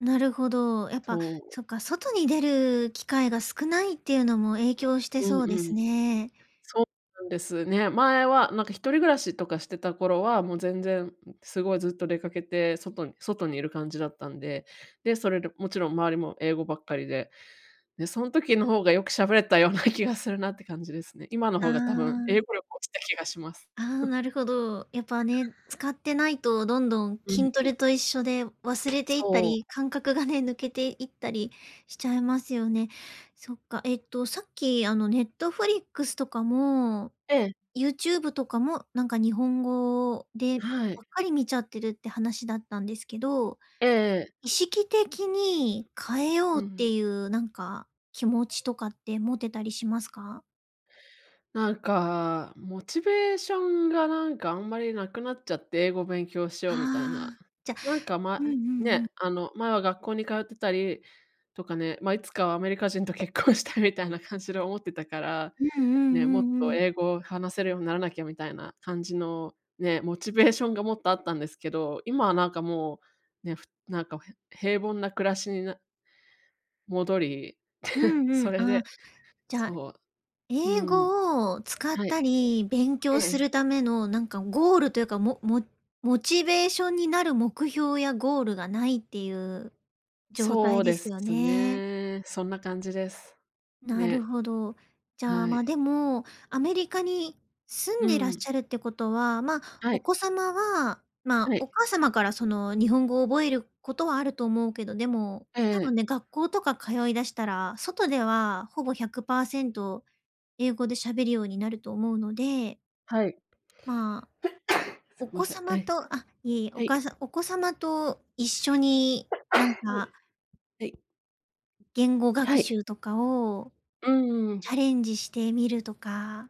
なるほど。やっぱとう。そっか、外に出る機会が少ないっていうのも影響してうそうんでうすん。ね。そうなんですね。前はなんか一人暮らしとかしてた頃は、もう全然、うん、すごいずっと出かけて、外に外にいる感じだったんで、で、それろ、もちろん周りも英語ばっかりで。で、そん時の方がよく喋れたような気がするなって感じですね。今のあ方が多分英あ。語力落ちた気がします。ああ、なるほど。やっぱね、使ってないとどんどんうん筋トうん。レと一緒で忘れていったそう。り、感覚がね、抜けていったりしちゃいますよね。そっか。えっと、さっきあの、Netflix とかも、ええ。YouTube とかもなんか日本語ではい。ばっかり見ちゃってるって話だったんですけど、ええええ。意識的に変えよううってん。いうなんか、気持ちとかって持ってたりしますか？なんか、モチベーションがなんか、あんまり無くなっちゃって、英語勉強しよはうみたいな。あ。じゃなんか、前うんうんうん。ね、あの、前は学校に通ってたり、とかね、まあ、いつかはアメリカ人と結婚したいみたいな感じで思ってたから、うんうんね「もっうんうとん。英語を話せるようにならなきゃ」みたいな感じの、ね、モチベーションがもっとあったんですけど、今はなんかもう、ね、ふなんかをへ平凡な暮らしにな戻り、う んうそん、れあ、でじゃ、そう、う英ん。語を使っはい。たり、勉え強すえ。るためのなんかゴールというか、モモモチベーションになる目標やゴールがないっていう状そ態うでですよすね。ね。そんな感じです。なるね。ほど。じゃあ、はま、い。でも、アメリカに住うんでいらっしん。ゃるってことは、ま、はおい。子様は、ま、はい。お母様からその日本語を覚えることはあると思うけど、でも、ええ多え分え。ね、学校とか通い出したら、外ではほぼ100%英語で喋るようになると思うのではい。まあ、すおいま子せん。は様い。とあ、いいえ、おは母い。さんお子様と一緒 はい。になんうかん。言語は学い。習とかをうん、ううん。チャレンジしてみるとか。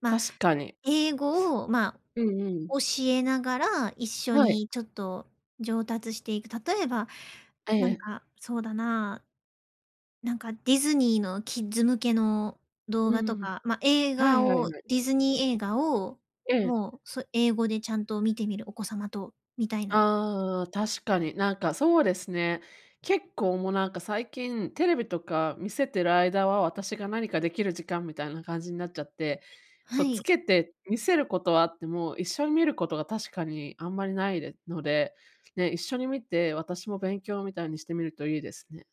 ま、確かに。英語を、ま、うんうん。教えながら、一緒はい。にちょっと上達していく。例えば、ええなんええ。か、そうだな。なんかディズニーのキッズ向けの動う画んうん、とふん。か、ま、映はい画はいをはい。ディズニー映画をええ。もう、そ英語でちゃんと見てみる、お子様と、みたいな。ああ、確かに。なんかそうですね。結構もうなんか最近テレビとか見せてる間は、私が何かできる時間みたいな感じになっちゃって、そはう、つい。けて見せることはあっても、一緒に見ることが確かにあんまりないでので、ね、一緒に見て、私も勉強みたいにしてみるといいですね。